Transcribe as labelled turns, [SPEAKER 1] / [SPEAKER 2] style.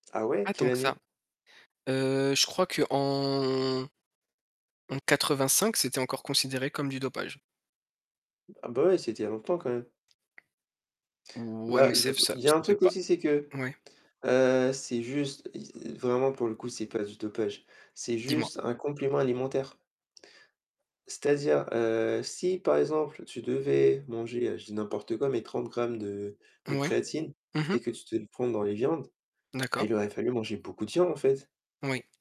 [SPEAKER 1] Ah ouais?
[SPEAKER 2] Pas tant
[SPEAKER 1] Quelle
[SPEAKER 2] que ça.
[SPEAKER 1] année?
[SPEAKER 2] Heu, Je crois qu'en en 85, c'était encore considéré comme du dopage.
[SPEAKER 1] Ah, bah, ouais, c'était il y a longtemps quand même.
[SPEAKER 2] Ouais, mais
[SPEAKER 1] Bah, je
[SPEAKER 2] c'est f ça
[SPEAKER 1] il y a un
[SPEAKER 2] ça fait
[SPEAKER 1] truc
[SPEAKER 2] pas
[SPEAKER 1] aussi, c'est que,
[SPEAKER 2] ouais.
[SPEAKER 1] heu, c'est juste, i e vraiment pour le coup, c'est pas du dopage. C'est
[SPEAKER 2] Dis-moi.
[SPEAKER 1] juste un complément alimentaire. C'est-à-dire, heu, si par exemple tu devais manger, heu, je dis n'importe quoi, mais 30 grammes de de
[SPEAKER 2] Mouais,
[SPEAKER 1] créatine
[SPEAKER 2] mmh mh.
[SPEAKER 1] et que tu te le prends dans les viandes, bah,
[SPEAKER 2] D'accord.
[SPEAKER 1] il aurait fallu manger beaucoup de viande en fait.
[SPEAKER 2] Oui.